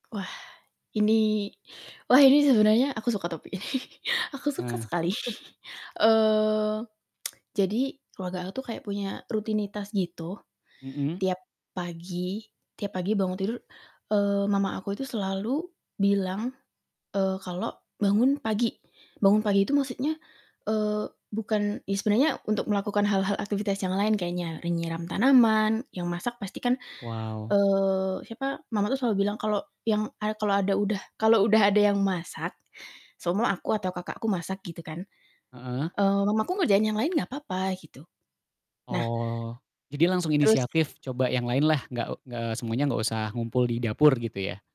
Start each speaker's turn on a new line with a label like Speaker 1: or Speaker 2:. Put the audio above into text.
Speaker 1: Wah ini wah ini sebenernya aku suka topik ini aku suka
Speaker 2: Hmm.
Speaker 1: sekali, eee, jadi keluarga aku tuh kayak punya rutinitas gitu.
Speaker 2: Mhm.
Speaker 1: Tiap pagi tiap pagi bangun tidur, eee, mama aku itu selalu bilang, eee, kalo bangun pagi. Bangun pagi itu maksudnya, eee, bukan ya sebenernya untuk melakukan hal-hal aktifitas yang lain kayaknya, e nyiram tanaman, yang masak pasti kan,
Speaker 2: Wow.
Speaker 1: eee, siapa, mama tuh selalu bilang kalo yang a kalau ada udah kalau udah ada yang masak, seumpama aku atau kakakku masak gitu kan,
Speaker 2: Heeh.
Speaker 1: eee, mamaku ngerjain yang lain gak apa-apa gitu. Nah
Speaker 2: Oh. Jadi langsung
Speaker 1: terus
Speaker 2: inisiatif coba yang lain lah, nggak eee, semuanya nggak usah ngumpul di dapur gitu ya.